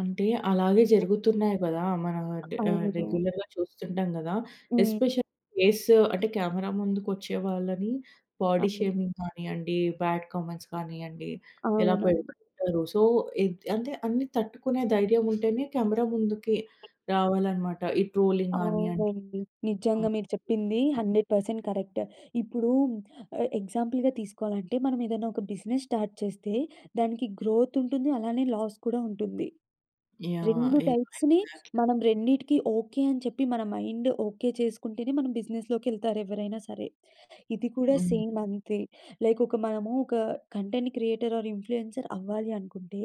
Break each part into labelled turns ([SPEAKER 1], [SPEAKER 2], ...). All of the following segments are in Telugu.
[SPEAKER 1] అంటే అలాగే జరుగుతున్నాయి గదా! మనా
[SPEAKER 2] అ
[SPEAKER 1] డ్ ఆహ్,
[SPEAKER 2] అవును.
[SPEAKER 1] రెగ్యులర్‌గా చూస్తుంటాం గదా!
[SPEAKER 2] హ్మ్.
[SPEAKER 1] ఎస్పెషల్‌లీ ఫేస్ అంటే కెమెరా ముందుకొచ్చే వాళ్ళని బాడీ
[SPEAKER 2] అవును.
[SPEAKER 1] షేమింగ్ కానియ్యండి, బ్యాడ్ కామెంట్స్ కానియ్యండి, ఇలా
[SPEAKER 2] అవునండి.
[SPEAKER 1] పెడుతుంటారు. సో, ఎంత్ అంటే అన్ని తట్టుకునే ధైర్యం ఉంటేనే కెమెరా ముందుకి రావాలన్నమాట ఈ ట్రోలింగ్ గానియ్యండి.
[SPEAKER 2] అవునండి.
[SPEAKER 1] ఆ!
[SPEAKER 2] నిజంగా మీరు చెప్పింది
[SPEAKER 1] యాహ్!
[SPEAKER 2] 100% కరెక్ట్. ఇప్పుడు ఎ ఎగ్జాంపుల్‌గా తీసుకోవాలంటే మనమేదన్నా ఒక బిజినెస్ స్టార్ట్ చేస్తే దానికి గ్రోత్ ఉంటుంది, అలానే లాస్ కూడా ఉంటుంది.
[SPEAKER 1] యాహ్! యాహ్!
[SPEAKER 2] 2
[SPEAKER 1] ఎగ్జాక్ట్‌లీ.
[SPEAKER 2] టైప్స్‌ని మనం రెండిటికి ఓకే. అని చెప్పి మన మైండ్ ఓకే చేసుకుంటేనే మనం బిజినెస్‌లోకెళ్తారు ఎవ్వరైనా సరే! ఇది కూడా
[SPEAKER 1] హ్మ్.
[SPEAKER 2] సేమ్ అంతే. లైక్ ఒక మనము ఒక కంటెంట్ క్రియేటర్ ఆర్ ఇన్‌ఫ్లూ‌యన్‌సర్ అవ్వాలి అనుకుంటే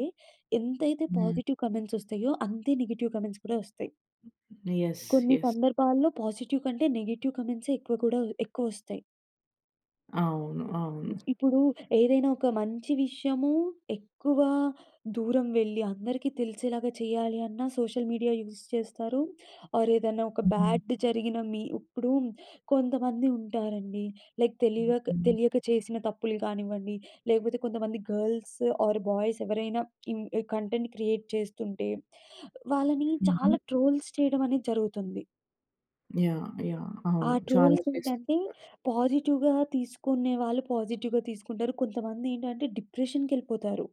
[SPEAKER 2] ఎంతైతే
[SPEAKER 1] హ్మ్.
[SPEAKER 2] పాజిటివ్ కామెంట్స్ వస్తాయో అంతే నెగెటివ్ కామెంట్స్ కూడా వస్తాయి.
[SPEAKER 1] యెస్.
[SPEAKER 2] కొన్ని
[SPEAKER 1] యెస్.
[SPEAKER 2] సందర్భాల్లో పాజిటివ్ కంటే నెగెటివ్ కామెంట్సే ఎక్కువ కూడా ఎక్కువొస్తాయి.
[SPEAKER 1] అవును.
[SPEAKER 2] హ్మ్.
[SPEAKER 1] అవును.
[SPEAKER 2] ఇప్పుడు ఏదైనా ఒక మంచి విషయము ఎక్కువ దూరం వెళ్ళి అందరికీ తెలిసేలాగా చేయాలి అన్నా సోషల్ మీడియా యూస్ చేస్తారు. ఆర్ ఏదన్నా ఒక
[SPEAKER 1] హ్మ్.
[SPEAKER 2] బ్యాడ్ జరిగిన మీ ఇప్పుడు కొంతమంది ఉంటారండి లైక్ తెలివిక
[SPEAKER 1] హుహు.
[SPEAKER 2] తెలియక చేసిన తప్పులు కానివ్వండి, లేకపోతే కొంతమంది గర్ల్స్ ఆర్ బాయ్స్ ఎవరైనా ఇన్ కంటెంట్ క్రియేట్ చేస్తుంటే వాళ్ళని చాలా
[SPEAKER 1] హుహు.
[SPEAKER 2] ట్రోల్స్ చేయడమనేది జరుగుతుంది.
[SPEAKER 1] యాహ్! యాహ్!
[SPEAKER 2] ఆ
[SPEAKER 1] అవును. చాలా
[SPEAKER 2] ట్రోల్స్ ఏంటంటే
[SPEAKER 1] చేస్తుంటారు.
[SPEAKER 2] పాజిటివ్‌గా తీసుకునే వాళ్ళు పాజిటివ్‌గా తీసుకుంటారు. కొంతమంది ఏంటంటే డిప్రెషన్‌కెళ్ళిపోతారు.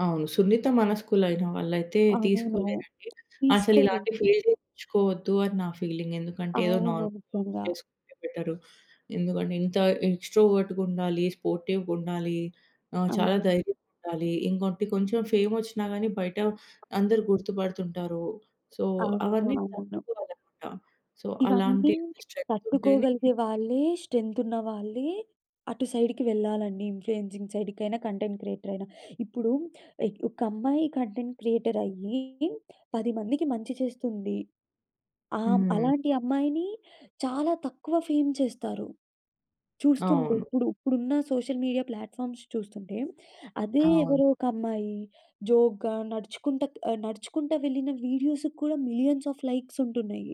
[SPEAKER 1] అవును. సున్నిత మనస్కులైన వాళ్ళైతే
[SPEAKER 2] అవును.
[SPEAKER 1] తీసుకోలేరండి. అసలిలాంటి
[SPEAKER 2] తీసుకోలేరు.
[SPEAKER 1] ఫీల్డెంచుకొవద్దు అని నా ఫీలింగ్. ఎందుకంటే ఏదో
[SPEAKER 2] అవును.
[SPEAKER 1] నార్మల్ వర్క్స్
[SPEAKER 2] నిజంగా.
[SPEAKER 1] చేసుకుంటే బెటరు. ఎందుకంటే ఇంత ఎక్స్‌ట్రో‌వర్టుగుండాలి, స్పోర్టివ్‌‌గుండాలి, ఆహ్, చాలా
[SPEAKER 2] అవును.
[SPEAKER 1] ధైర్యంగుండాలి ఇంకోటి కొంచెం ఫేమోచ్చినా కానీ బయట అందరు గుర్తుపడుతుంటారు. సో,
[SPEAKER 2] అవును.
[SPEAKER 1] అవన్నీ
[SPEAKER 2] అవును.
[SPEAKER 1] తట్టుకోవాలన్నమాట. సో,
[SPEAKER 2] ఇవన్నీ
[SPEAKER 1] అలాంటి స్ట్రెంత్ ఉంటేనే
[SPEAKER 2] తట్టుకోగలిగే వాళ్ళే స్ట్రెం‌త్ ఉన్నవాళ్ళే అటు సైడ్‌కి వెళ్ళాలండి. ఇన్‌ఫ్లుయన్‌సింగ్ సైడ్ కైనా కంటెంట్ క్రియేటరయినా. ఇప్పుడు ఒక అమ్మాయి కంటెంట్ క్రియేటరయ్యి 10 మందికి మంచి చేస్తుంది. ఆహ్, హ్మ్.
[SPEAKER 1] హ్మ్.
[SPEAKER 2] అలాంటి అమ్మాయిని చాలా తక్కువ ఫేమ్ చేస్తారు. చూస్తుంటే
[SPEAKER 1] అవును.
[SPEAKER 2] ఇప్పుడు, ఇప్పుడున్న సోషల్ మీడియా ప్లాట్‌ఫార్మ్స్ చూస్తుంటే. అదే
[SPEAKER 1] అవును.
[SPEAKER 2] ఎవరో ఒక అమ్మాయి జోక్‌గా నడుచుకుంట, నడుచుకుంటా వెళ్ళిన వీడియోసుకు కూడా మిలియన్స్ ఆఫ్ లైక్స్ ఉంటున్నయి.